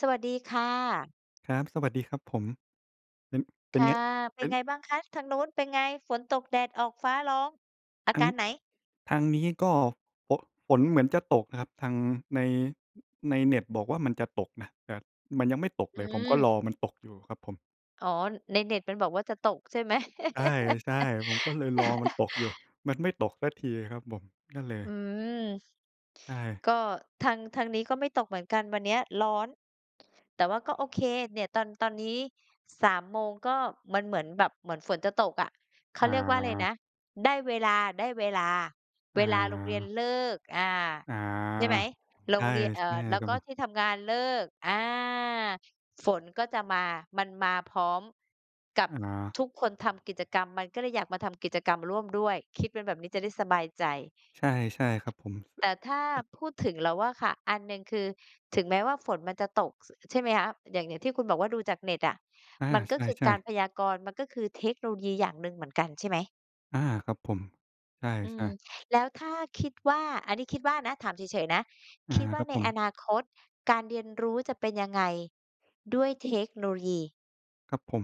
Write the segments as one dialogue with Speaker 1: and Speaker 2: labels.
Speaker 1: สวัสดีค่ะ
Speaker 2: ครับ สวัสดีครับผม เป็น เป
Speaker 1: ค
Speaker 2: ็น
Speaker 1: ่
Speaker 2: ไง?
Speaker 1: ะ เป
Speaker 2: เ
Speaker 1: ็
Speaker 2: ป็
Speaker 1: น
Speaker 2: น
Speaker 1: ไงบ้างคะ ทางนู้นเป็นไง ฝนตก แดดออก ฟ้าร้อง อ
Speaker 2: ท
Speaker 1: า
Speaker 2: า
Speaker 1: ก
Speaker 2: ง
Speaker 1: ารไหน?
Speaker 2: ทางนี้ก็ฝน ฝนเหมือนจะตกครับ ทางใน ในเน็ตบอกว่า มันจะตกนะ แต่มันยังไม่ตก
Speaker 1: อ
Speaker 2: เ
Speaker 1: ื
Speaker 2: ลย ผมก็
Speaker 1: ม
Speaker 2: รอมันตกอยู่ครับผม
Speaker 1: อ๋อ ในเน็ตมันบอกว่าจะตกใช่ไหม?
Speaker 2: ใช่ ๆ ผมก็เลยรอมันตกอยู่ มันไม่ตกสักทีครับผม นั่นเลย
Speaker 1: อืม
Speaker 2: ใช่
Speaker 1: ก็ ทาง ทางนี้ก็ไม่ตกเหมือนกัน วันนี้ร้อน แต่ว่าก็ โอเค เนี่ยตอน ตอนนี้ 3 โมง ก็มันเหมือนแบบ เหมือนฝนจะตกอะ เขา
Speaker 2: อ
Speaker 1: เรียกว่าอะไรนะ
Speaker 2: า
Speaker 1: ได้เวลา ๆ
Speaker 2: อ
Speaker 1: เวลาโรงเรียน
Speaker 2: า
Speaker 1: เลิก อา
Speaker 2: อา
Speaker 1: ใช่ไหม โร
Speaker 2: ใช่
Speaker 1: งเรียน เอ่
Speaker 2: ใช่
Speaker 1: อ แล้
Speaker 2: ค
Speaker 1: ว
Speaker 2: รับ
Speaker 1: ก็
Speaker 2: ผม
Speaker 1: ที่ทำงานเลิก อา ฝนก็จะมา มันมาพร้อมกับ
Speaker 2: อา
Speaker 1: ทุกคนทำกิจกรรม ก็เลยอยากมาทำกิจกรรมร่วมด้วย คิดเป็นแบบนี้จะได้สบายใจ
Speaker 2: ใช่ ใช่ครับผม
Speaker 1: แต่ถ้า
Speaker 2: อ
Speaker 1: พูด ถึงเราอะค่ะ อันหนึ่งคือ ถึงแม้ว่าฝนมันจะตก ส ใช่ไหมคะ อย่าง อย่างที่คุณบอกว่า ดูจากเน็ตอะ
Speaker 2: อา
Speaker 1: มัน
Speaker 2: ใ
Speaker 1: ก็คือ
Speaker 2: ช
Speaker 1: ก
Speaker 2: ่
Speaker 1: าร
Speaker 2: ๆ
Speaker 1: พยากรณ์ มันก็คือเทคโนโลยี อย่างหนึ่งเหมือนกันใช่ไหม?
Speaker 2: อา ครับผม ใช่
Speaker 1: อื
Speaker 2: ใช
Speaker 1: ม
Speaker 2: ่
Speaker 1: แล้วถ้า คิดว่า อันนี้คิดว่านะ ถามเฉยเฉยนะ
Speaker 2: อา
Speaker 1: คิดว่
Speaker 2: ค
Speaker 1: า
Speaker 2: รับ
Speaker 1: ใน
Speaker 2: ผ
Speaker 1: อ
Speaker 2: ม
Speaker 1: นาคตการเรียนรู้จะเป็นยังไงด้วยเทคโนโลยี?
Speaker 2: ครับผม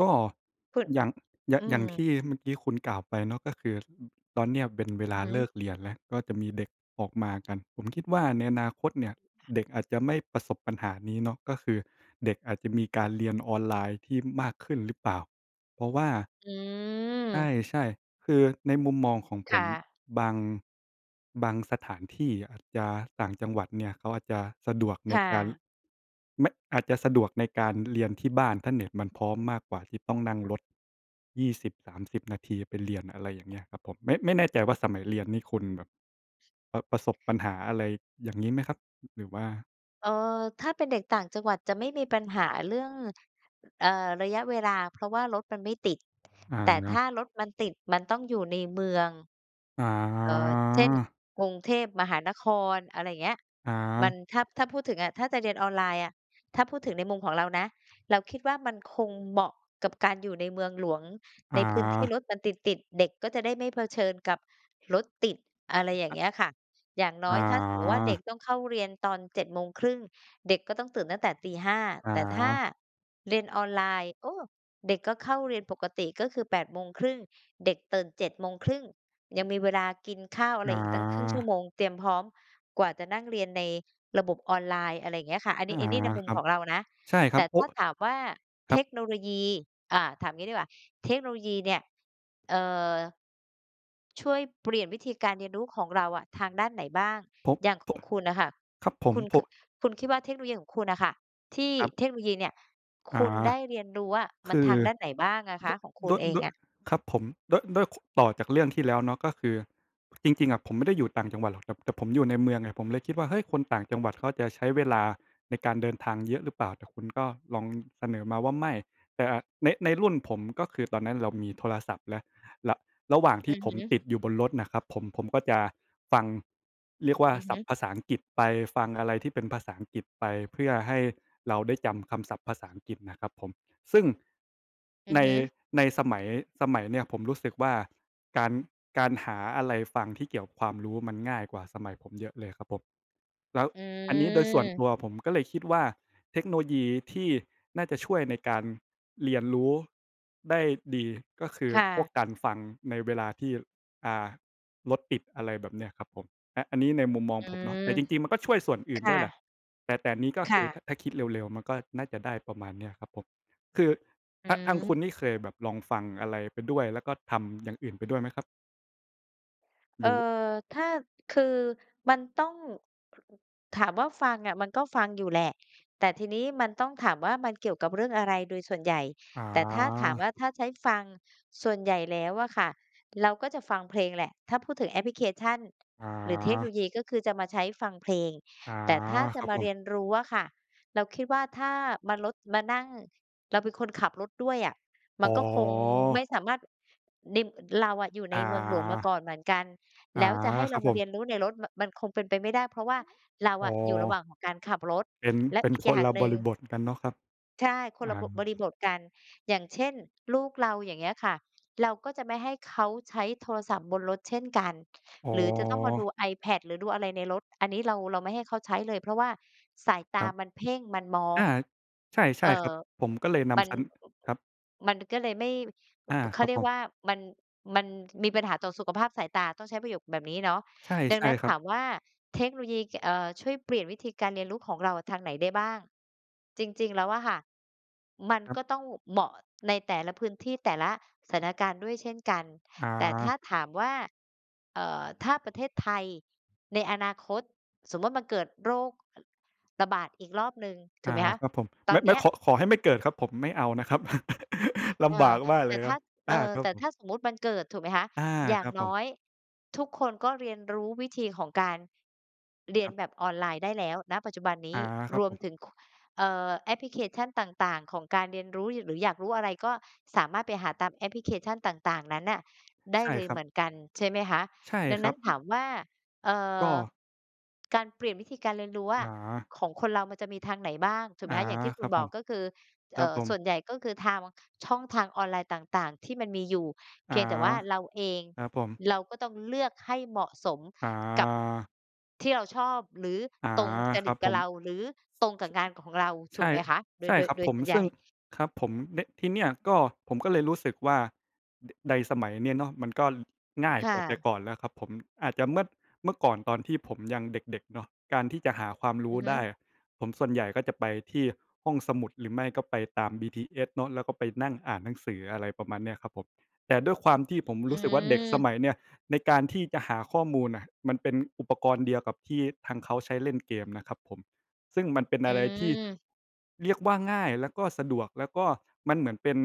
Speaker 2: ก็
Speaker 1: คุณ
Speaker 2: อย่าง อย่า
Speaker 1: อ
Speaker 2: ง
Speaker 1: ื
Speaker 2: อย่างท
Speaker 1: ม
Speaker 2: ี่เมื่อกี้คุณกล่าวไปเนาะ ก็คือ ตอนนี้ เป็นเว
Speaker 1: อ
Speaker 2: ล
Speaker 1: ื
Speaker 2: า
Speaker 1: อฮึ
Speaker 2: เลิกเรียนแล้ว ก็มีเด็กออกมากัน ผมคิดว่าในอนาคตเนี่ยเด็กอาจจะไม่ประสบปัญหานี้เนาะ ก็คือเด็กอาจจะมีการเรียน ออนไลน์ที่มากขึ้นหรือเปล่า เพราะว่า
Speaker 1: อื
Speaker 2: ใ
Speaker 1: ม
Speaker 2: ช่ ๆ คือในมุมมองของ
Speaker 1: ค
Speaker 2: ผ
Speaker 1: ่
Speaker 2: ม
Speaker 1: ะ
Speaker 2: บาง บางสถานที่ อาจจะต่างจังหวัดเนี่ย เขาอาจจะ สะดวกใ
Speaker 1: ค
Speaker 2: น
Speaker 1: ่
Speaker 2: การ
Speaker 1: ะ
Speaker 2: ไม่ อาจจะสะดวกในการเรียนที่บ้าน ถ้า เน็ตมันพร้อมมากกว่าที่ต้องนั่งรถ 20-30 นาที ไปเรียน อะไรอย่างเงี้ยครับผม ไม่ ไม่ แน่ใจว่า สมัยเรียนนี่คุณแบบ ป ประสบปัญหา อะไรอย่างงี้ไหมครับ? หรือว่า
Speaker 1: เอ่อ ถ้าเป็นเด็กต่างจังหวัดจะไม่มีปัญหาเรื่อง อ เอ่อ ระยะเวลา เพราะว่ารถมันไม่ติด แต่ถ้า
Speaker 2: อา
Speaker 1: รถมันติดมันต้องอยู่ในเมือง
Speaker 2: อ๋
Speaker 1: เอ่อ เช่น
Speaker 2: อ
Speaker 1: กรุงเทพมหานคร อะไรอย่างเงี้ย
Speaker 2: อ๋
Speaker 1: มั
Speaker 2: อ
Speaker 1: น ถ้า ถ้าพูดถึงอะ ถ้าจะเรียนออนไลน์อะ ถ้าพูดถึงในมุมของเรานะ เราคิดว่ามันคงเหมาะกับการอยู่ในเมืองหลวง
Speaker 2: อ
Speaker 1: ใ
Speaker 2: ๋
Speaker 1: นพื้นที่
Speaker 2: อ
Speaker 1: รถมันติด ๆ เด็ก ก็จะได้ไม่เผชิญกับรถติด อะไรอย่า
Speaker 2: อ
Speaker 1: งเงี้ยค่ะ อย่างน้
Speaker 2: อ
Speaker 1: อ
Speaker 2: ๋
Speaker 1: ย ถ้าสมมุติว่าเด็ก
Speaker 2: อ
Speaker 1: ต้องเข้าเรียนตอน 07:30 น. เด็กก็ต้องตื่นตั้งแต่ 05:00 น.
Speaker 2: อ๋
Speaker 1: แต่ถ้า
Speaker 2: อ
Speaker 1: เรียนออนไลน์ โอ้! เด็กก็เข้าเรียนปกติ ก็คือ 08:00 น. เด็กตื่น 07:30 น. ยังมีเวลากินข้าวอะ
Speaker 2: อ
Speaker 1: ไร
Speaker 2: ๋อ
Speaker 1: อีกตั้งครึ่งชั่วโมง เตรียมพร้อม กว่าจะนั่งเรียนในระบบออนไลน์ อะไรเงี้ยค่ะ อันน
Speaker 2: อ
Speaker 1: ี
Speaker 2: ๋อ
Speaker 1: ้ อันนี้ในมุม
Speaker 2: ครั
Speaker 1: ข
Speaker 2: บ
Speaker 1: องเรานะ
Speaker 2: ใช่คร
Speaker 1: แต
Speaker 2: ับ
Speaker 1: ่
Speaker 2: โอ
Speaker 1: ถ
Speaker 2: ้!
Speaker 1: ้าถามว่า
Speaker 2: ค
Speaker 1: เ
Speaker 2: รั
Speaker 1: ท
Speaker 2: บ
Speaker 1: คโนโลยี อ่า ถามงี้ดีกว่า เทคโนโลยีเนี่ย เอ่อ ช่วยเปลี่ยนวิธีการเรียนรู้ของเราอะทางด้านไหนบ้าง
Speaker 2: ผ
Speaker 1: อย่างของคุณน่ะค่ะ
Speaker 2: ครับผ
Speaker 1: ค
Speaker 2: ม
Speaker 1: ุณ
Speaker 2: พ
Speaker 1: ค
Speaker 2: ว
Speaker 1: ื
Speaker 2: ก
Speaker 1: อ คุณคิดว่าเทคโนโลยีของคุณอะค่ะ ที่
Speaker 2: ครับ
Speaker 1: เทคโนโลยีเนี่ย
Speaker 2: อ
Speaker 1: ค
Speaker 2: ๋อ
Speaker 1: ุณได้เรียนรู้อะ
Speaker 2: ค
Speaker 1: มัน
Speaker 2: ื
Speaker 1: ท
Speaker 2: อ
Speaker 1: างด้านไหนบ้างอะค
Speaker 2: ด ด
Speaker 1: ะ? ของคุณ
Speaker 2: ้วย
Speaker 1: เอ
Speaker 2: ด
Speaker 1: ง
Speaker 2: ้วย
Speaker 1: อะ
Speaker 2: ครับผม ด้วย ด้วย ค ต่อจากเรื่องที่แล้วเนาะ ก็คือ จริง ๆ อะ ผมไม่ได้อยู่ต่างจังหวัดหรอก แต่ แต่ผมอยู่ในเมืองอะ ผมเลยคิดว่า "เฮ้ย! คนต่างจังหวัด เขาจะใช้เวลาในการเดินทาง เยอะหรือเปล่า?" แต่คุณ ก็ ลองเสนอมาว่า "ไม่" แต่ อา ใน ในรุ่นผม ก็คือตอนนั้นเรามีโทรศัพท์แล้ว ร ระหว่างท
Speaker 1: อื
Speaker 2: ี่
Speaker 1: อ
Speaker 2: ผ
Speaker 1: ฮ
Speaker 2: ม
Speaker 1: ึ
Speaker 2: ติดอยู่บนรถน่ะครับผม ผมก็จะฟัง เรียกว่า
Speaker 1: อือ
Speaker 2: ศ
Speaker 1: ฮ
Speaker 2: ั
Speaker 1: ึ
Speaker 2: พท์ภาษาอังกฤษไปฟัง อะไรที่เป็นภาษาอังกฤษไป เพื่อให้เราได้จำคำศัพท์ภาษาอังกฤษน่ะครับผม ซึ่ง
Speaker 1: อื
Speaker 2: ใ
Speaker 1: อ
Speaker 2: น
Speaker 1: ฮึ
Speaker 2: ในสมัย สมัยเนี้ยผมรู้สึกว่าการ การหาอะไรฟังที่เกี่ยวกับความรู้มันง่ายกว่าสมัยผมเยอะเลยครับผม แล้ว
Speaker 1: อ
Speaker 2: อันนี้โดยส่วน
Speaker 1: ืม
Speaker 2: ตัวผมก็เลยคิดว่าเทคโนโลยีที่น่าจะช่วยในการเรียนรู้ได้ดี ก็คือ
Speaker 1: ค่
Speaker 2: พ
Speaker 1: ะ
Speaker 2: วกการฟังในเวลาที่ อ่า รถติดอะไรแบบเนี้ยครับผม อ อันนี้ในมุมมอง
Speaker 1: อื
Speaker 2: ผมเนาะ
Speaker 1: ม
Speaker 2: แต่จริง ๆ มัน ก็ช่วยส่วนอื
Speaker 1: ค
Speaker 2: ่น
Speaker 1: ่
Speaker 2: ด้วยแหละ
Speaker 1: ะ
Speaker 2: แต่ แต่นี้ก็
Speaker 1: ค
Speaker 2: ค
Speaker 1: ่
Speaker 2: ือ ถ
Speaker 1: ะ
Speaker 2: ถ้าคิดเร็ว ๆ มันก็น่าจะได้ประมาณนี้ครับผม คือ
Speaker 1: อื
Speaker 2: ท ทางค
Speaker 1: ม
Speaker 2: ุณนี่ เคยลองฟังอะไรไปด้วยแล้ว ก็ทำอย่างอื่นไปด้วยไหมครับ?
Speaker 1: เ
Speaker 2: ห
Speaker 1: อ
Speaker 2: ร
Speaker 1: ่อ
Speaker 2: ือ ว
Speaker 1: ถ้า คือมันต้อง ถามว่าฟังอะ มันก็ฟังอยู่แหละ แต่ทีนี้มันต้องถามว่ามันเกี่ยวกับเรื่องอะไรโดยส่วนใหญ่
Speaker 2: อ๋
Speaker 1: แต่ถ้าถาม
Speaker 2: อ
Speaker 1: ว่าถ้าใช้ฟัง ส่วนใหญ่แล้วอะค่ะ เราก็จะฟังเพลงแหละ ถ้าพูดถึงแอปพลิเคชัน
Speaker 2: อ
Speaker 1: หรือเทคโนโล
Speaker 2: า
Speaker 1: ยี ก็คือจะมาใช้ฟังเพลง
Speaker 2: อา
Speaker 1: แต่ถ้าจ
Speaker 2: ค
Speaker 1: ะ
Speaker 2: รับ
Speaker 1: มา
Speaker 2: ผ
Speaker 1: เรี
Speaker 2: ม
Speaker 1: ยนรู้อะค่ะ เราคิดว่าถ้ามารถ มานั่ง เราเป็นคนขับรถด้วยอะ ม
Speaker 2: อ
Speaker 1: ั
Speaker 2: ๋
Speaker 1: นก็คงไม่
Speaker 2: อ
Speaker 1: สามารถ น เราอะอยู่ใน
Speaker 2: อ
Speaker 1: เมืองหลวงมาก
Speaker 2: า
Speaker 1: ่อนเหมือนกัน
Speaker 2: อ
Speaker 1: แ
Speaker 2: า
Speaker 1: ล้วจะให้เ
Speaker 2: คร
Speaker 1: รา
Speaker 2: ับ
Speaker 1: ม
Speaker 2: ผ
Speaker 1: าเรี
Speaker 2: ม
Speaker 1: ยนรู้ในรถ มัน มันคงเป็นไปไม่ได้ เพราะว่าเรา
Speaker 2: อ๋
Speaker 1: อ
Speaker 2: อ
Speaker 1: ะอยู่ระหว่างของการขับรถ
Speaker 2: เป็น
Speaker 1: และ
Speaker 2: เป็น
Speaker 1: อีก
Speaker 2: ค
Speaker 1: อย่
Speaker 2: น
Speaker 1: าง
Speaker 2: ละ
Speaker 1: หน
Speaker 2: บ
Speaker 1: ึ่
Speaker 2: ริ
Speaker 1: ง
Speaker 2: บทกันเนาะครับ
Speaker 1: ใช่ คน
Speaker 2: อ
Speaker 1: ละ
Speaker 2: า
Speaker 1: บ บริบทกัน อย่างเช่น ลูกเราอย่างเงี้ยค่ะ เราก็จะไม่ให้เขาใช้โทรศัพท์บนรถเช่นกัน
Speaker 2: อ๋
Speaker 1: หรือจะต้องมาด
Speaker 2: อ
Speaker 1: ู iPad หรือดูอะไรในรถ อันนี้เรา เราไม่ให้เขาใช้เลย เพราะว่าสายต
Speaker 2: คร
Speaker 1: า
Speaker 2: ับ
Speaker 1: มันเพ่ง มันมอ
Speaker 2: อ
Speaker 1: ง
Speaker 2: า ใช่ ใช
Speaker 1: เอ่
Speaker 2: ่ครั
Speaker 1: อ
Speaker 2: บ ผมก็เลยน
Speaker 1: มัน
Speaker 2: ำชั้น ครับ
Speaker 1: มันก็เลยไม่
Speaker 2: อา
Speaker 1: เข
Speaker 2: ค
Speaker 1: า
Speaker 2: รั
Speaker 1: เ
Speaker 2: บ
Speaker 1: รีย
Speaker 2: ผ
Speaker 1: กว
Speaker 2: ม
Speaker 1: ่ามัน มันมีปัญหาต่อสุขภาพสายตา ต้องใช้ประโยคแบบนี้เนาะ
Speaker 2: ใช่
Speaker 1: ดั
Speaker 2: ใ
Speaker 1: ง
Speaker 2: ช
Speaker 1: น
Speaker 2: ่
Speaker 1: ั้น
Speaker 2: คร
Speaker 1: ถ
Speaker 2: ับ
Speaker 1: ามว่าเทคโนโลยี ก เอ่อ ช่วยเปลี่ยนวิธีการเรียนรู้ของเราทางไหนได้บ้าง จริง ๆ แล้วอะค่ะ มัน
Speaker 2: คร
Speaker 1: ก
Speaker 2: ับ
Speaker 1: ็ต้อง ว เหมาะใน แต่ละพื้นที่ แต่ละสถานการณ์ด้วยเช่นกัน แต่ถ้า
Speaker 2: อา
Speaker 1: ถามว่า เอ่อ ถ้าประเทศ ไทยในอนาคต สมมุติมันเกิดโรค อ ระบาดอีกรอบหนึ่ง ถ
Speaker 2: อ
Speaker 1: ู
Speaker 2: า
Speaker 1: กไหมคะ
Speaker 2: ครับผม
Speaker 1: ต
Speaker 2: ไ
Speaker 1: อ
Speaker 2: ม
Speaker 1: น
Speaker 2: ่
Speaker 1: เ
Speaker 2: ไ
Speaker 1: น
Speaker 2: ม่
Speaker 1: ี้ย
Speaker 2: ขอ ขอให้ไม่เกิดครับผม ไม่เอานะครับ ล
Speaker 1: เอ
Speaker 2: ำบ
Speaker 1: อ
Speaker 2: ากมาก
Speaker 1: แ
Speaker 2: เ
Speaker 1: ต
Speaker 2: ล
Speaker 1: ่
Speaker 2: ย
Speaker 1: ถ
Speaker 2: คร
Speaker 1: ้
Speaker 2: ั
Speaker 1: า
Speaker 2: บ อ
Speaker 1: เอ
Speaker 2: า
Speaker 1: อ
Speaker 2: ครั
Speaker 1: แต
Speaker 2: บ
Speaker 1: ่
Speaker 2: ผ
Speaker 1: ถ
Speaker 2: ม
Speaker 1: ้าสมมุติมันเกิด ถูกไหมคะ
Speaker 2: อา
Speaker 1: อย่
Speaker 2: ค
Speaker 1: า
Speaker 2: ร
Speaker 1: ง
Speaker 2: ับผ
Speaker 1: น
Speaker 2: ม
Speaker 1: ้อยทุกคนก็เรียนรู้วิธีของการเรี
Speaker 2: ค
Speaker 1: ยน
Speaker 2: รับ
Speaker 1: แบบออนไลน์ได้แล้ว ณ ปัจจุบันนี
Speaker 2: อา
Speaker 1: ้
Speaker 2: คร
Speaker 1: ร
Speaker 2: ับ
Speaker 1: ว
Speaker 2: ผ
Speaker 1: ม
Speaker 2: ม
Speaker 1: ถึง ค เอ่อ แอปพลิเคชันต่าง ๆ ของการเรียนรู้ ย หรืออยากรู้อะไร ก็สามารถไปหาตาม แอปพลิเคชั่นต่าง ๆ นั้นน่ะ ได
Speaker 2: ใ
Speaker 1: ้
Speaker 2: ช่
Speaker 1: เลย
Speaker 2: คร
Speaker 1: เ
Speaker 2: ั
Speaker 1: หม
Speaker 2: บ
Speaker 1: ือนกัน ใช่ไหมคะ
Speaker 2: ใช่
Speaker 1: ดัง
Speaker 2: ค
Speaker 1: น
Speaker 2: ร
Speaker 1: ั
Speaker 2: ั
Speaker 1: ้น
Speaker 2: บ
Speaker 1: ถามว่า เอ่
Speaker 2: ก
Speaker 1: อ
Speaker 2: ็
Speaker 1: การเปลี่ยนวิธีการเรียนรู้ว่า
Speaker 2: อา
Speaker 1: ของคนเรามันจะมีทางไหนบ้าง ถูกไห
Speaker 2: อ
Speaker 1: ม
Speaker 2: า
Speaker 1: คะ อย่างที่ค
Speaker 2: ค
Speaker 1: ุ
Speaker 2: ร
Speaker 1: ณ
Speaker 2: ับ
Speaker 1: บ
Speaker 2: ผ
Speaker 1: อก
Speaker 2: ม
Speaker 1: ก็คือ
Speaker 2: ค
Speaker 1: เอ
Speaker 2: รั
Speaker 1: ่
Speaker 2: บ
Speaker 1: อ
Speaker 2: ผ
Speaker 1: ส่
Speaker 2: ม
Speaker 1: วนใหญ่ก็คือทาง ม ช่องทางออนไลน์ต่าง ๆ ที่มันมีอยู่ เ
Speaker 2: อ
Speaker 1: พ
Speaker 2: า
Speaker 1: ียงแต่ว่าเราเอง
Speaker 2: ครับผม
Speaker 1: เราก็ต้องเลือกให้เหมาะสม
Speaker 2: อ
Speaker 1: กับ
Speaker 2: า
Speaker 1: ที่เราชอบ หรือ
Speaker 2: อา
Speaker 1: ตรงจ
Speaker 2: ค
Speaker 1: ร
Speaker 2: รั
Speaker 1: ิต
Speaker 2: บ
Speaker 1: ก
Speaker 2: ผ
Speaker 1: ับเ
Speaker 2: ม
Speaker 1: รา หรือตรงกับงานของเรา ถ
Speaker 2: ใช
Speaker 1: ูก
Speaker 2: ่
Speaker 1: ไหมคะ โด
Speaker 2: ใช
Speaker 1: ย
Speaker 2: ่
Speaker 1: โด
Speaker 2: ค
Speaker 1: ย
Speaker 2: รับ
Speaker 1: โดย
Speaker 2: ผม
Speaker 1: ส่วนให
Speaker 2: ซ
Speaker 1: ญ
Speaker 2: ึ
Speaker 1: ่
Speaker 2: ่ง ครับผม เนี่ย ที่เนี่ยก็ผมก็เลยรู้สึกว่า ด ใด สมัยเนี้ยเนาะมันก็ง่าย
Speaker 1: ค่
Speaker 2: กว่าแต่
Speaker 1: ะ
Speaker 2: ก่อนแล้วครับผม อาจจะเมื่อ เมื่อก่อนตอนที่ผมยังเด็ก ๆ เนาะ การที่จะหาความร
Speaker 1: อ
Speaker 2: ู
Speaker 1: ื
Speaker 2: ้
Speaker 1: อฮ
Speaker 2: ไ
Speaker 1: ึ
Speaker 2: ด้อะ ผม ส่วนใหญ่ก็จะไปที่ห้องสมุด หรือไม่ก็ไปตาม BTS เนาะ แล้วก็ไปนั่งอ่านหนังสือ อะไรประมาณเนี้ยครับผม แต่ด้วยความที่ ผม
Speaker 1: อื
Speaker 2: รู้สึกว่าเด็กส
Speaker 1: อ
Speaker 2: มัยเนี้ยในการที่จะหาข้อมูลน่ะ มันเป็นอุปกรณ์เดียวกับที่ทางเขาใช้เล่นเกมนะครับผม ซึ่งมันเป็น
Speaker 1: อื
Speaker 2: อะไรที่
Speaker 1: อ
Speaker 2: เรียกว่าง่ายแล้วก็สะดวก แล้วก็มันเหมือนเป็น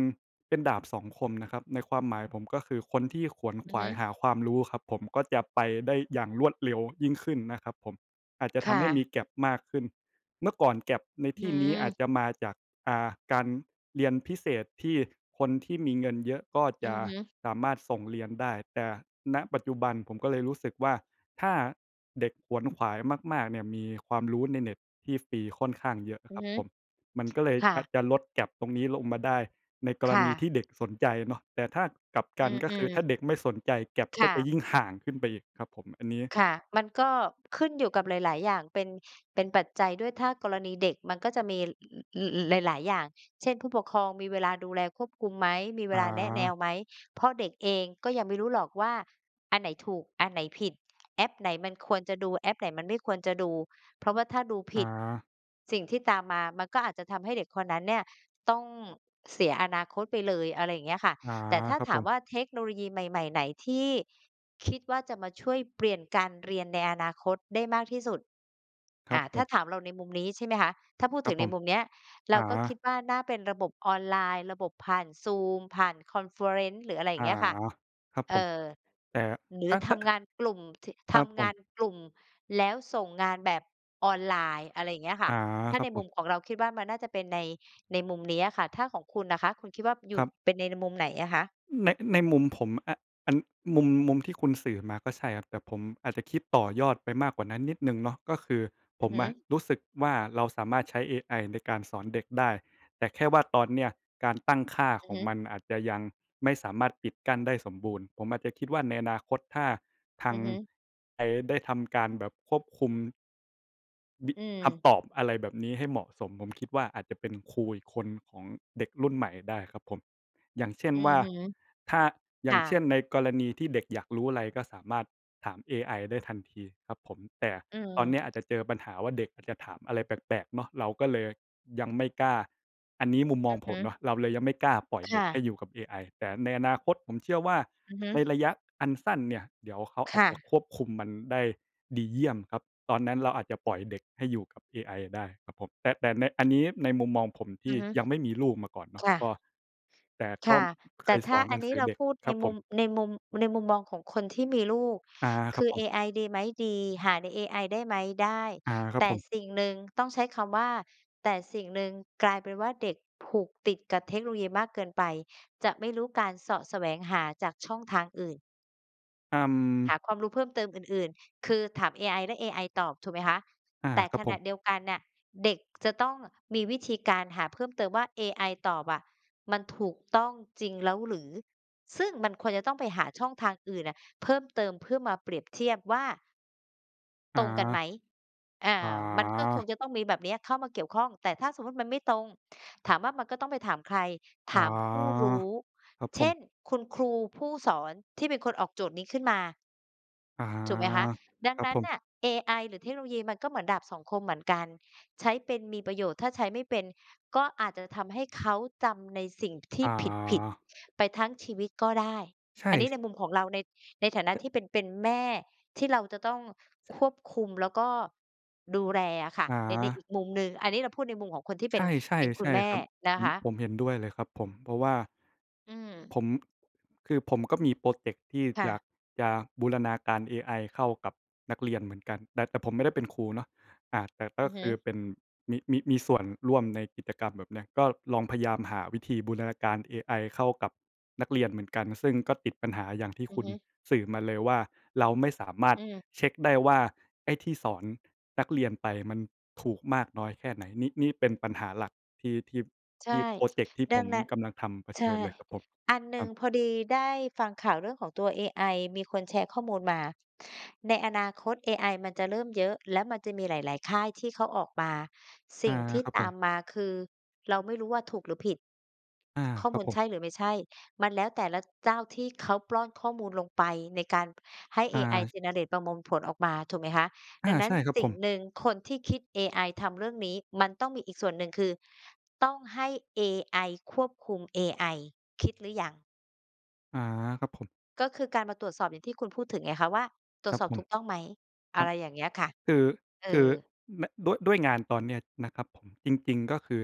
Speaker 2: เป็นดาบสองคมนะครับ ในความหมายของผม ก็คือคนที่ขวนข
Speaker 1: อือ
Speaker 2: ว
Speaker 1: ฮ
Speaker 2: า
Speaker 1: ึ
Speaker 2: ยหาความรู้ครับผม ก็จะไปได้อย่างรวดเร็วยิ่งขึ้นนะครับผม อาจจะ
Speaker 1: ค
Speaker 2: ท
Speaker 1: ่
Speaker 2: ำให้มี
Speaker 1: ะ
Speaker 2: gap มากขึ้น เมื่อก่อน gap ใน
Speaker 1: อ
Speaker 2: ท
Speaker 1: ื้อ
Speaker 2: ี่นี้อาจ
Speaker 1: ฮือ
Speaker 2: จะมาจาก อ่า การเรียนพิเศษ ที่คนที่มีเงินเยอะ ก็
Speaker 1: อื
Speaker 2: จะ
Speaker 1: อฮึ
Speaker 2: สามารถส่งเรียนได้ แต่ ณ ปัจจุบัน ผมก็เลยรู้สึกว่า ถ้าเด็กขวนขวายมาก ๆ เนี่ย มีความรู้ในเน็ตที่ฟรีค่อนข้างเยอะน
Speaker 1: อื
Speaker 2: ะค
Speaker 1: อ
Speaker 2: รับ
Speaker 1: ฮึ
Speaker 2: ผม มันก็เลย
Speaker 1: ค่
Speaker 2: อาจ
Speaker 1: ะ
Speaker 2: จะลด gap ตรงนี้ลงมาได้ ในก
Speaker 1: ค
Speaker 2: ร
Speaker 1: ่
Speaker 2: ณีที่เด็
Speaker 1: ะ
Speaker 2: กสนใจเนาะ แต่ถ้ากลับก
Speaker 1: อ
Speaker 2: ัน ก็
Speaker 1: ื
Speaker 2: คือ
Speaker 1: อ
Speaker 2: ถ
Speaker 1: ๆ
Speaker 2: ้าเด็กไม่สนใจ gap
Speaker 1: ค
Speaker 2: ก็
Speaker 1: ่
Speaker 2: จะ
Speaker 1: ะ
Speaker 2: ยิ่งห่างขึ้นไปอีกครับผม อันนี้
Speaker 1: ค่ะ มันก็ขึ้นอยู่กับหลาย ๆ อย่างเป็น เป็นปัจจัยด้วย ถ้ากรณีเด็กมันก็จะมี อ ล หลาย ๆ อย่าง เช่น ผู้ปกครองมีเวลาดูแลควบคุมไหม มีเว
Speaker 2: อ
Speaker 1: ลาแนะแนว
Speaker 2: า
Speaker 1: ไหม เพราะเด็กเองก็ยังไม่รู้หรอกว่าอันไหนถูก อันไหนผิด แอปไหนมันควรจะดู แอปไหนมันไม่ควรจะดู เพราะว่าถ้าดูผ
Speaker 2: อ
Speaker 1: ิด
Speaker 2: า
Speaker 1: สิ่งที่ตามมามันก็อาจจะทำให้เด็กคนนั้นเนี่ยต้องเสียอนาคตไปเลย อะไรอย่างเงี้ยค่ะ
Speaker 2: อา
Speaker 1: แต่ถ้า
Speaker 2: ครับ
Speaker 1: ถา
Speaker 2: ผ
Speaker 1: ม
Speaker 2: ม
Speaker 1: ว่าเทคโนโลยีใหม่ ๆ ไหนที่ คิดว่าจะมาช่วยเปลี่ยนการเรียนในอนาคตได้มากที่สุด
Speaker 2: ค
Speaker 1: อ
Speaker 2: ร
Speaker 1: ่
Speaker 2: ั
Speaker 1: า
Speaker 2: บผ
Speaker 1: ถ้า
Speaker 2: ม
Speaker 1: ถามเราในมุมนี้ ใช่ไหมคะ ถ้าพูด
Speaker 2: ครั
Speaker 1: ถึ
Speaker 2: บ
Speaker 1: ง
Speaker 2: ผ
Speaker 1: ใน
Speaker 2: ม
Speaker 1: มุมเนี้ย เ
Speaker 2: อ
Speaker 1: รา
Speaker 2: า
Speaker 1: ก็คิดว่าน่าเป็นระบบออนไลน์ ระบบผ่าน zoom ผ่าน คอนเฟอเรนซ์ หรือ อะไรอย่
Speaker 2: อ
Speaker 1: า
Speaker 2: า
Speaker 1: งเงี้ยค่ะ
Speaker 2: ครับ
Speaker 1: เ
Speaker 2: ผ
Speaker 1: อ
Speaker 2: ม
Speaker 1: ่อ
Speaker 2: แต่
Speaker 1: หรื
Speaker 2: ถ
Speaker 1: อ
Speaker 2: ้า ถ
Speaker 1: ท
Speaker 2: ้า
Speaker 1: ำงานกลุ่ม ท
Speaker 2: ค
Speaker 1: ท
Speaker 2: รับผ
Speaker 1: ำงา
Speaker 2: ม
Speaker 1: นกลุ่ม แล้วส่งงานแบบออนไลน์ อะไรอย่างเงี้ยค
Speaker 2: อ
Speaker 1: ่ะ
Speaker 2: า
Speaker 1: ถ้า
Speaker 2: ครั
Speaker 1: ใน
Speaker 2: บผ
Speaker 1: มุม
Speaker 2: ม
Speaker 1: ของเรา คิดว่ามันน่าจะเป็นใน ในมุมเนี้ยอะค่ะ ถ้าของคุณน่ะคะ คุณคิดว่าอยู
Speaker 2: ค
Speaker 1: ่
Speaker 2: รับ
Speaker 1: เป็นใน ในมุมไหนอะคะ?
Speaker 2: ใน ในมุมผมอะ อ อัน มุม มุมที่คุณสื่อมาก็ใช่ครับ แต่ผมอาจจะคิดต่อยอดไปมากกว่านั้นนิดหนึ่งเนาะ ก็คือ
Speaker 1: อ
Speaker 2: ผ
Speaker 1: ือ
Speaker 2: ม
Speaker 1: ฮึ
Speaker 2: อะรู้สึกว่า เราสามารถใช้เอไอในการสอนเด็กได้ แต่แค่ว่าตอนเนี้ยการตั้งค่า
Speaker 1: อื
Speaker 2: ข
Speaker 1: อ
Speaker 2: อ
Speaker 1: ฮ
Speaker 2: ง
Speaker 1: ึ
Speaker 2: มันอาจจะยังไม่สามารถปิดกั้นได้สมบูรณ์ ผมอาจจะคิดว่าในอนาคตถ้าท
Speaker 1: อ
Speaker 2: า
Speaker 1: ื
Speaker 2: ง
Speaker 1: อฮึ
Speaker 2: ไอ ได้ทำการแบบควบคุม บิ
Speaker 1: อื
Speaker 2: ค
Speaker 1: ม
Speaker 2: ำตอบอะไรแบบนี้ให้เหมาะสม ผม คิดว่าอาจจะเป็นครูอีกคน ของเด็กรุ่นใหม่ได้ครับผม อย่างเช่น
Speaker 1: อื
Speaker 2: ว
Speaker 1: อ
Speaker 2: ่า
Speaker 1: ฮึ
Speaker 2: ถ้า อ
Speaker 1: ค
Speaker 2: ย่า
Speaker 1: ่
Speaker 2: งเช่น
Speaker 1: ะ
Speaker 2: ในกรณีที่ เด็กอยากรู้อะไร ก็สามารถถามเอไอได้ทันทีครับผม แต่
Speaker 1: อื
Speaker 2: ตอนเนี้ย อาจ
Speaker 1: ม
Speaker 2: จะเจอปัญหาว่าเด็กอาจจะถามอะไรแปลก ๆ เนาะ เราก็เลยยังไม่กล้า อันนี้มุมม
Speaker 1: อ
Speaker 2: อ
Speaker 1: ื
Speaker 2: ง
Speaker 1: อฮ
Speaker 2: ผ
Speaker 1: ึ
Speaker 2: มเนาะ เราเลยยังไม่กล้าปล่อย
Speaker 1: ค
Speaker 2: เด็
Speaker 1: ่
Speaker 2: กให
Speaker 1: ะ
Speaker 2: ้อยู่กับเอไอ แต่ในอนาคตผมเชื่อว่า
Speaker 1: อือฮึ
Speaker 2: ในระยะอันสั้นเนี่ย เดี๋ยวเขาอ
Speaker 1: ค
Speaker 2: าจ
Speaker 1: ่
Speaker 2: จะ
Speaker 1: ะ
Speaker 2: ควบคุมมันได้ดีเยี่ยมครับ ตอนนั้นเราอาจจะปล่อย เด็ก ให้อยู่กับเอไอ ได้ครับผม แต่ แต่ใน อันนี้ในมุมมองผม ท
Speaker 1: อื
Speaker 2: ี
Speaker 1: อ
Speaker 2: ่
Speaker 1: ฮึ
Speaker 2: ยังไม่มีลูกมาก่อนเนา
Speaker 1: ค
Speaker 2: ะ
Speaker 1: ่
Speaker 2: ก
Speaker 1: ะ
Speaker 2: ็ แต่
Speaker 1: ค
Speaker 2: ก็
Speaker 1: ่ะ แ
Speaker 2: เ
Speaker 1: ต
Speaker 2: ค
Speaker 1: ่
Speaker 2: ย
Speaker 1: ถ
Speaker 2: ส
Speaker 1: ้า
Speaker 2: อน
Speaker 1: อ
Speaker 2: ห
Speaker 1: ั
Speaker 2: นั
Speaker 1: น
Speaker 2: ง
Speaker 1: น
Speaker 2: ส
Speaker 1: ี้
Speaker 2: ือ
Speaker 1: เรา
Speaker 2: เด็ก
Speaker 1: พูดใ
Speaker 2: ค
Speaker 1: น
Speaker 2: รับผ
Speaker 1: มุม
Speaker 2: ม
Speaker 1: ในมุม ในมุมมองของคนที่มีลูก
Speaker 2: อา ค
Speaker 1: ค
Speaker 2: รั
Speaker 1: ื
Speaker 2: บ
Speaker 1: อ
Speaker 2: ผ
Speaker 1: เ
Speaker 2: ม
Speaker 1: อไอดีไหม ดี หาในเอไอได้ไหม ได้
Speaker 2: อา คร
Speaker 1: แ
Speaker 2: ับ
Speaker 1: ต่
Speaker 2: ผม
Speaker 1: สิ่งหนึ่ง ต้องใช้คำว่า แต่สิ่งหนึ่ง กลายเป็นว่าเด็กผูกติดกับเทคโนโลยีมากเกินไป จะไม่รู้การเสาะแสวงหาจากช่องทางอื่น
Speaker 2: เอ่
Speaker 1: หา
Speaker 2: อ
Speaker 1: ความรู้เพิ่มเติมอื่น ๆ คือถามเอไอ และเอไอตอบ ถูกไหมคะ
Speaker 2: อา
Speaker 1: แต่
Speaker 2: คร
Speaker 1: ข
Speaker 2: ับผ
Speaker 1: ณะ
Speaker 2: ม
Speaker 1: เดียวกันน่ะ เด็กจะต้องมีวิธีการหาเพิ่มเติมว่า "เอไอตอบอะ มันถูกต้องจริงแล้วหรือ?" ซึ่งมันควรจะต้องไปหาช่องทางอื่นน่ะเพิ่มเติม เพื่อมาเปรียบเทียบว่า
Speaker 2: อ๋
Speaker 1: ต
Speaker 2: อ
Speaker 1: รงกันไหม อ่า
Speaker 2: อ๋อ
Speaker 1: มันก็คงจะต้องมีแบบเนี้ยเข้ามาเกี่ยวข้อง แต่ถ้าสมมุติมันไม่ตรง ถามว่ามันก็ต้องไปถามใคร ถ
Speaker 2: อ๋อ
Speaker 1: ามผู้รู้
Speaker 2: ครับ
Speaker 1: เ
Speaker 2: ผ
Speaker 1: ช
Speaker 2: ม
Speaker 1: ่น คุณครูผู้สอนที่เป็นคนออกโจทย์นี้ขึ้นมา
Speaker 2: อะฮะ
Speaker 1: ถูกไหมคะ ดั
Speaker 2: ค
Speaker 1: ง
Speaker 2: รั
Speaker 1: น
Speaker 2: บ
Speaker 1: ั้
Speaker 2: ผ
Speaker 1: น
Speaker 2: ม
Speaker 1: น่ะเอไอหรือเทคโนโลยี มันก็เหมือนดาบสองคมเหมือนกัน ใช้เป็นมีประโยชน์ ถ้าใช้ไม่เป็นก็อาจจะทำให้เขาจำในสิ่งที
Speaker 2: อ
Speaker 1: ่
Speaker 2: ๋
Speaker 1: ผิด
Speaker 2: อ
Speaker 1: ๆ ไปทั้งชีวิตก็ได้
Speaker 2: ใช
Speaker 1: อันนี
Speaker 2: ่
Speaker 1: ้ในมุมของเราใน ในฐานะ
Speaker 2: แต่
Speaker 1: ที่เป็น เป็นแม่ ที่เราจะต้อง
Speaker 2: จะ
Speaker 1: ควบคุม แล้วก็ดูแลอะค่ะ
Speaker 2: อ๋
Speaker 1: ใน ใน
Speaker 2: อ
Speaker 1: อีกมุมหนึ่ง อันนี้เราพูดในมุมของคนที่เ
Speaker 2: ใ
Speaker 1: ป
Speaker 2: ช
Speaker 1: ็น
Speaker 2: ่
Speaker 1: เป็นค
Speaker 2: ๆ ใ
Speaker 1: ุ
Speaker 2: ช
Speaker 1: ณ
Speaker 2: ่
Speaker 1: แม่
Speaker 2: ครับ
Speaker 1: น
Speaker 2: ผ
Speaker 1: ะค
Speaker 2: ม
Speaker 1: ะ
Speaker 2: ผมเห็นด้วยเลยครับผม เพราะว่า
Speaker 1: อืม
Speaker 2: ผม คือผม ก็มีพรอเจกต์ที่
Speaker 1: ค่
Speaker 2: อย
Speaker 1: ะ
Speaker 2: ากจะบูรณาการเอไอเข้ากับนักเรียนเหมือนกัน แต่ แต่ผมไม่ได้เป็นครูเนาะ อ่า แต่ก
Speaker 1: อ
Speaker 2: ็
Speaker 1: ือฮ
Speaker 2: ค
Speaker 1: ึ
Speaker 2: ือเป็น มี มี มี ส่วนร่วมในกิจกรรมแบบเนี้ย ก็ลอง พยายาม หาวิธีบูรณาการเอไอเข้ากับนักเรียนเหมือนกัน ซึ่งก็ติดปัญหาอย่างที่
Speaker 1: อื
Speaker 2: ค
Speaker 1: อ
Speaker 2: ุณ
Speaker 1: ฮึ
Speaker 2: สื่อมาเลย ว่าเราไม่สามาร
Speaker 1: อ
Speaker 2: ถ
Speaker 1: ืม
Speaker 2: เช็กได้ว่าไอ้ที่สอนนักเรียนไป มันถูกมากน้อยแค่ ไหน นิ นี่เป็นปัญหาหลักที่ ที่
Speaker 1: ใช
Speaker 2: ท
Speaker 1: ่
Speaker 2: ี่พรอเจกต์ที่
Speaker 1: ด
Speaker 2: ผ
Speaker 1: ัง
Speaker 2: ม
Speaker 1: นั้น
Speaker 2: กำลังทำเผ
Speaker 1: ใช
Speaker 2: ช
Speaker 1: ่
Speaker 2: ิญเลยครับผม
Speaker 1: อันหนึ
Speaker 2: ค
Speaker 1: ่
Speaker 2: ร
Speaker 1: ง
Speaker 2: ับ
Speaker 1: พอดีได้ฟังข่าวเรื่องของตัวเอไอ มีคนแชร์ข้อมูลมา ในอนาคตเอไอมันจะเริ่มเยอะ แล้วมันจะมีหลาย ๆ ค่ายที่เขาออกมา ส
Speaker 2: อ
Speaker 1: ิ
Speaker 2: า
Speaker 1: ่งที่
Speaker 2: ครับ
Speaker 1: ต
Speaker 2: ผ
Speaker 1: า
Speaker 2: ม
Speaker 1: มมาคือ เราไม่รู้ว่าถูกหรือผิด
Speaker 2: อา
Speaker 1: ข้อ
Speaker 2: ค
Speaker 1: ม
Speaker 2: รั
Speaker 1: ู
Speaker 2: บ
Speaker 1: ล
Speaker 2: ผ
Speaker 1: ใช
Speaker 2: ม
Speaker 1: ่หรือไม่ใช่ มันแล้ว แต่ละเจ้าที่เขาปล้อนข้อมูลลงไป ในการให้
Speaker 2: อ
Speaker 1: เอ
Speaker 2: า
Speaker 1: ไอ
Speaker 2: ช
Speaker 1: generate ประมวล ผลออกมา ถูกไหมคะ
Speaker 2: อ
Speaker 1: ด
Speaker 2: า
Speaker 1: ังนั้
Speaker 2: ใช
Speaker 1: น
Speaker 2: ่ครับ
Speaker 1: สิ
Speaker 2: ผ
Speaker 1: ่ง
Speaker 2: ม
Speaker 1: หนึ่ง คนที่ คิดเอไอทำเรื่องนี้ มันต้องมีอีกส่วนหนึ่งคือต้องให้เอไอควบคุมเอไอ คิดหรือยัง?
Speaker 2: อา ครับผม
Speaker 1: ก็คือการมาตรวจสอบ อย่างที่คุณพูดถึงไงคะ ว่าตรว
Speaker 2: ค
Speaker 1: จ
Speaker 2: รับ
Speaker 1: สอบ
Speaker 2: ผ
Speaker 1: ถ
Speaker 2: ม
Speaker 1: ูกต้องไหม อ
Speaker 2: ค
Speaker 1: ะ
Speaker 2: รั
Speaker 1: ไ
Speaker 2: บ
Speaker 1: รอย่างเงี้ยค่ะ
Speaker 2: คือ
Speaker 1: เออ
Speaker 2: คือ น ด ด้วย ด้วยงานตอนเนี้ยนะครับผม จริง ๆ ก็คือ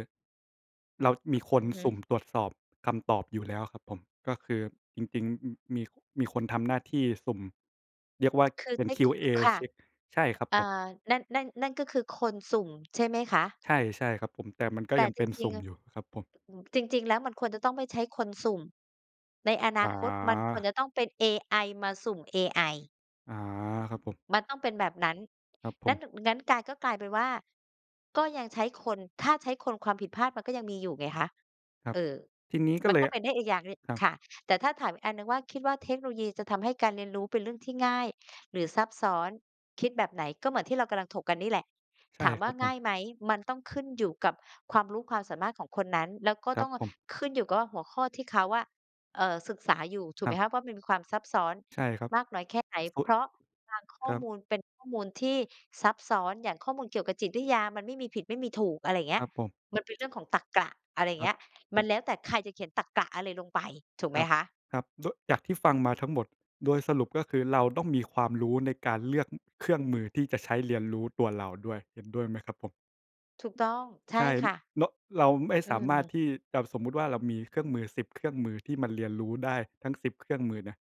Speaker 2: เรามีค
Speaker 1: อ
Speaker 2: น
Speaker 1: ือฮึ
Speaker 2: สุ่มตรวจสอบคำตอบอยู่แล้วครับผม ก็คือจริง ๆ อ มี มีคนทำหน้าที่สุ่ม เรียกว่า
Speaker 1: คือ
Speaker 2: เป
Speaker 1: ไ
Speaker 2: ็
Speaker 1: ด
Speaker 2: น
Speaker 1: ้ ค ค
Speaker 2: QA
Speaker 1: ค่ะ
Speaker 2: เช็ก ใช่ครับ
Speaker 1: อ่า
Speaker 2: ผม
Speaker 1: นั่น นั่น นั่นก็คือคนสุ่ม ใช่ไหมคะ?
Speaker 2: ใช่ ใช่ครับผม แต่มันก็
Speaker 1: แต่
Speaker 2: ยัง
Speaker 1: จ
Speaker 2: เป็น
Speaker 1: ร
Speaker 2: ส
Speaker 1: ิ
Speaker 2: ุ
Speaker 1: ง
Speaker 2: ่
Speaker 1: ๆ
Speaker 2: มอยู่ครับผม
Speaker 1: อือ จริง ๆ แล้วมันควรจะต้อง ไม่ใช้คนสุ่ม ในอนาคตมันควร
Speaker 2: อา
Speaker 1: จะต้องเป็นเอไอมาสุ่มเอไอ
Speaker 2: อา ครับผม
Speaker 1: มันต้องเป็นแบบนั้น
Speaker 2: ครับผ
Speaker 1: นั้น
Speaker 2: ม
Speaker 1: ด งั้นกลาย ก็กลายเป็นว่า ก็ยังใช้คน ถ้าใช้คนความผิดพลาดมันก็ยังมีอยู่ไงคะ
Speaker 2: ครั
Speaker 1: เ
Speaker 2: บ
Speaker 1: ออ
Speaker 2: ทีนี้ก็
Speaker 1: มัน
Speaker 2: เล
Speaker 1: ก็
Speaker 2: ย
Speaker 1: เป็นได้อีกอย่างหนึ่ง
Speaker 2: ครับ
Speaker 1: ค่ะ แต่ถ้าถามอีกอันหนึ่งว่า คิดว่าเทคโนโลยี จะทำให้การเรียนรู้เป็นเรื่องที่ง่ายหรือซับซ้อน คิดแบบไหน ก็เหมือนที่เรากำลังถกกันนี่แหละ
Speaker 2: ใช
Speaker 1: ถ
Speaker 2: ่
Speaker 1: ามว
Speaker 2: ค
Speaker 1: ่
Speaker 2: ร
Speaker 1: า
Speaker 2: ับผ
Speaker 1: ง่า
Speaker 2: ม
Speaker 1: ยไหม มันต้อง ขึ้นอยู่กับความรู้ความสามารถของคนนั้น แล้วก็
Speaker 2: คร
Speaker 1: ต
Speaker 2: ั
Speaker 1: ้
Speaker 2: บ
Speaker 1: อง
Speaker 2: ผม
Speaker 1: ขึ้นอยู่กับว่าหัวข้อที่เขาอะ เอ่อ ศึกษาอยู่ ถูก
Speaker 2: ค
Speaker 1: ไ
Speaker 2: ร
Speaker 1: ห
Speaker 2: ั
Speaker 1: ม
Speaker 2: บ
Speaker 1: คะ เพราะมันมีความซับซ้อน
Speaker 2: ใช่ครับ
Speaker 1: มากน้อยแค่ไหน
Speaker 2: ส่
Speaker 1: เ
Speaker 2: ว
Speaker 1: พ
Speaker 2: น
Speaker 1: ราะบางข
Speaker 2: ค
Speaker 1: ้อ
Speaker 2: รั
Speaker 1: ม
Speaker 2: บ
Speaker 1: ูลเป็นข้อมูลที่ซับซ้อน อย่างข้อมูลเกี่ยวกับจิตวิทยา มันไม่มีผิดไม่มีถูก อะไรอย่างเงี
Speaker 2: ค
Speaker 1: ้
Speaker 2: ร
Speaker 1: ย
Speaker 2: ับผม
Speaker 1: มันเป็นเรื่องของตรรกะ อะไรอย่า
Speaker 2: ค
Speaker 1: งเ
Speaker 2: ร
Speaker 1: ง
Speaker 2: ั
Speaker 1: ี
Speaker 2: บ
Speaker 1: ้ย มันแล้วแต่ใครจะเขียนตรรกะอะไรลงไป ถูกไ
Speaker 2: ค
Speaker 1: หม
Speaker 2: รับ
Speaker 1: คะ?
Speaker 2: ครับ ด จากที่ฟังมาทั้งหมด โดยสรุปก็คือเราต้องมีความรู้ในการเลือก อ เครื่องมือที่จะใช้เรียนรู้ตัวเราด้วย เห็นด้วยไหมครับผม?
Speaker 1: ถูกต้อง ใช
Speaker 2: ใ
Speaker 1: ่
Speaker 2: ช่
Speaker 1: ค่ะ
Speaker 2: ร เราไม่
Speaker 1: อื
Speaker 2: สามารถ
Speaker 1: ม
Speaker 2: ที่จะ สมมติว่าเรามีเครื่องมือ 10 เครื่องมือที่มันเรียนรู้ได้ทั้ง 10 เครื่องมือนะ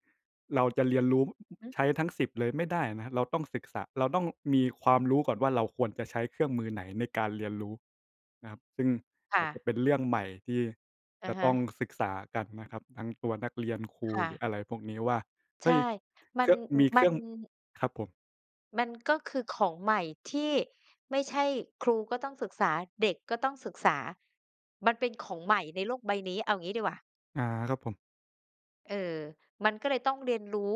Speaker 2: เราจะเรียนรู้
Speaker 1: อือ
Speaker 2: ใช้ทั้ง 10 เลยไม่ได้นะ เราต้องศึกษา เราต้องมีความรู้ก่อนว่า เราควรจะใช้เครื่องมือไหนในการเรียนรู้นะครับ ซึ่ง
Speaker 1: ค
Speaker 2: อ
Speaker 1: ่
Speaker 2: าจจ
Speaker 1: ะ
Speaker 2: ะเป็นเรื่องใหม่ที่
Speaker 1: อะ
Speaker 2: จะ
Speaker 1: ฮ
Speaker 2: ต้อง
Speaker 1: ะ
Speaker 2: ศึกษากันนะครับ ทั้งตัวนักเรียน ครู
Speaker 1: ค่
Speaker 2: หรื
Speaker 1: ะ
Speaker 2: ออะไรพวกนี้ว่า
Speaker 1: ใ
Speaker 2: เ
Speaker 1: ช
Speaker 2: ฮ
Speaker 1: ่
Speaker 2: ้ย
Speaker 1: มั
Speaker 2: เค
Speaker 1: น
Speaker 2: รื่อง
Speaker 1: อื
Speaker 2: ม
Speaker 1: อ
Speaker 2: ีเ
Speaker 1: ม
Speaker 2: ค
Speaker 1: ั
Speaker 2: รื่
Speaker 1: น
Speaker 2: อง ครับผม
Speaker 1: มันก็คือของใหม่ที่ไม่ใช่ ครูก็ต้องศึกษา เด็กก็ต้องศึกษา มันเป็นของใหม่ในโลกใบนี้ เอางี้ดีกว่า
Speaker 2: อา ครับผม
Speaker 1: เออ มันก็เลยต้องเรียนรู้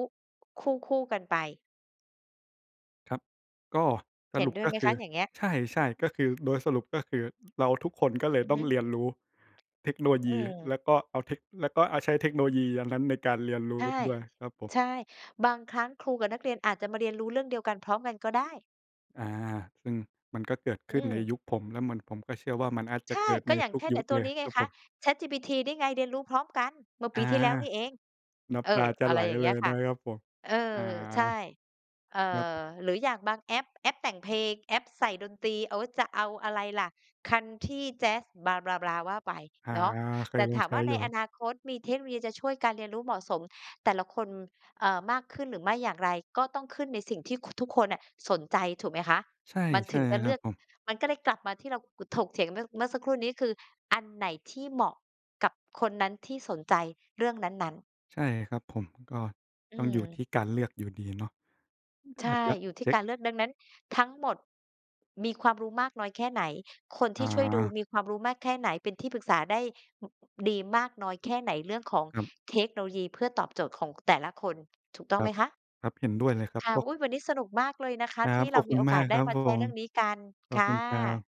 Speaker 1: คู่ ๆ กันไป
Speaker 2: ครับ ก็ส
Speaker 1: เห็
Speaker 2: ร
Speaker 1: น
Speaker 2: ุป
Speaker 1: ด้วย
Speaker 2: ก็
Speaker 1: ไหม
Speaker 2: ค
Speaker 1: ค
Speaker 2: ื
Speaker 1: ะ
Speaker 2: อ
Speaker 1: อย่างเงี้ย?
Speaker 2: ใช่ ๆ ก็คือ โดยสรุป ก็คือ เราทุกคนก็เล
Speaker 1: อ
Speaker 2: ย
Speaker 1: ือ
Speaker 2: ต้
Speaker 1: ฮ
Speaker 2: อ
Speaker 1: ึ
Speaker 2: งเรียนรู้เทคโนโลย
Speaker 1: อื
Speaker 2: ี
Speaker 1: ม
Speaker 2: แล้วก็เอาเทค แล้วก็เอา ใช้เทคโนโลยีอันนั้นในการเรียนร
Speaker 1: ใ
Speaker 2: ู
Speaker 1: ช
Speaker 2: ้
Speaker 1: ่
Speaker 2: ด้วยครับผม
Speaker 1: ใช่ บางครั้งครูกับนักเรียนอาจจะมาเรียนรู้เรื่องเดียวกัน พร้อมกัน ก็ได้
Speaker 2: อา ซึ่งมันก็เกิดข
Speaker 1: อื
Speaker 2: ึ้นใน
Speaker 1: ม
Speaker 2: ยุคผม แล้วมัน ผมก็เชื่อว่ามันน่าจ
Speaker 1: ใ
Speaker 2: ะ
Speaker 1: ช
Speaker 2: เ
Speaker 1: ่
Speaker 2: กิด
Speaker 1: ก
Speaker 2: ใน
Speaker 1: ็อย่า
Speaker 2: ท
Speaker 1: ง
Speaker 2: ุ
Speaker 1: เ
Speaker 2: ก
Speaker 1: ช่น
Speaker 2: ย
Speaker 1: ไ
Speaker 2: ุ
Speaker 1: อ
Speaker 2: ด
Speaker 1: ้ต
Speaker 2: เ
Speaker 1: ั
Speaker 2: ล
Speaker 1: ว
Speaker 2: ย
Speaker 1: นี้ไ
Speaker 2: ค
Speaker 1: ง
Speaker 2: รับ
Speaker 1: ค
Speaker 2: ผ
Speaker 1: ะ
Speaker 2: ม
Speaker 1: ChatGPT นี่ไง เรียนรู้พร้อมกัน เมื่อ
Speaker 2: อ
Speaker 1: ป
Speaker 2: า
Speaker 1: ีที่แล้วนี่เอง
Speaker 2: น้
Speaker 1: เอ
Speaker 2: ำตา
Speaker 1: อ
Speaker 2: จะ
Speaker 1: อ
Speaker 2: ไ
Speaker 1: ะ
Speaker 2: ห
Speaker 1: ไ
Speaker 2: ล
Speaker 1: รอย่างเ
Speaker 2: เ
Speaker 1: ง
Speaker 2: ล
Speaker 1: ี้ย
Speaker 2: ย
Speaker 1: ค
Speaker 2: น
Speaker 1: ่ะ
Speaker 2: ะครับผม
Speaker 1: เออ
Speaker 2: อา
Speaker 1: ใช่ เอ่
Speaker 2: ครับ
Speaker 1: อ หรืออย่างบางแอป แอปแต่งเพลง แอปใส่ดนตรี โอ๊ย จะเอาอะไรล่ะ คันทรี แจ๊ส blah blah blah ว่าไป
Speaker 2: อา
Speaker 1: เนาะ
Speaker 2: เค
Speaker 1: แต
Speaker 2: ย
Speaker 1: ่
Speaker 2: ล
Speaker 1: ถ
Speaker 2: อง
Speaker 1: าม
Speaker 2: ใช
Speaker 1: ว
Speaker 2: ้
Speaker 1: ่า
Speaker 2: อย
Speaker 1: ใน
Speaker 2: ู
Speaker 1: อ
Speaker 2: ่
Speaker 1: นาคตมีเทคโนโลยีจะช่วยการเรียนรู้ เหมาะสมแต่ละคน อ่า มากขึ้นหรือไม่อย่างไร ก็ต้องขึ้นในสิ่งที่ ค ทุกคนอะสนใจ ถูกไหมคะ
Speaker 2: ใช่
Speaker 1: มัน
Speaker 2: ใช
Speaker 1: ถ
Speaker 2: ่
Speaker 1: ึงจะเ
Speaker 2: ค
Speaker 1: ล
Speaker 2: ร
Speaker 1: ื
Speaker 2: ับ
Speaker 1: อก
Speaker 2: ผม
Speaker 1: มันก็เลยกลับมาที่เรา ก ถกเถียงเมื่อ เมื่อสักครู่นี้ คืออันไหนที่เหมาะกับคนนั้น ที่สนใจเรื่องนั้น ๆ
Speaker 2: ใช่ครับผม ก็
Speaker 1: อื
Speaker 2: ต้อง อยู่
Speaker 1: ม
Speaker 2: ที่การเลือกอยู่ดีเนาะ อ ก็
Speaker 1: ใช่
Speaker 2: อาจจะ
Speaker 1: อยู่ที
Speaker 2: เช
Speaker 1: ่
Speaker 2: ็
Speaker 1: ก
Speaker 2: ค
Speaker 1: ารเลือก ดังนั้นทั้งหมด มีความรู้มากน้อยแค่ไหน คนที
Speaker 2: อ
Speaker 1: ่ช่วยดู
Speaker 2: า
Speaker 1: มีความรู้มากแค่ไหน เป็นที่ปรึกษาได้ ห ดีมากน้อยแค่ไหน เรื่องของ
Speaker 2: ครับ
Speaker 1: เทคโนโลยีเพื่อตอบโจทย์ของแต่ละคน ถูกต้อ
Speaker 2: ค
Speaker 1: ง
Speaker 2: ร
Speaker 1: ไห
Speaker 2: ั
Speaker 1: ม
Speaker 2: บ
Speaker 1: คะ?
Speaker 2: ครับ เห็นด้วยเลยครับ
Speaker 1: ค่ะ
Speaker 2: พวก
Speaker 1: อุ๊ย! วันนี้สนุกมากเลยนะคะ
Speaker 2: ครั
Speaker 1: ที
Speaker 2: บ
Speaker 1: ่เ
Speaker 2: ข
Speaker 1: รา
Speaker 2: อบ
Speaker 1: ม
Speaker 2: ค
Speaker 1: ี
Speaker 2: ุณ
Speaker 1: โอ
Speaker 2: ม
Speaker 1: ก
Speaker 2: า
Speaker 1: าส
Speaker 2: ก
Speaker 1: ได
Speaker 2: ค
Speaker 1: ้
Speaker 2: รับ
Speaker 1: มา
Speaker 2: ผ
Speaker 1: แชร์เ
Speaker 2: ม
Speaker 1: รื่องนี้กัน
Speaker 2: ขอ
Speaker 1: ค
Speaker 2: บ
Speaker 1: ่
Speaker 2: คุณครั
Speaker 1: ะ
Speaker 2: บ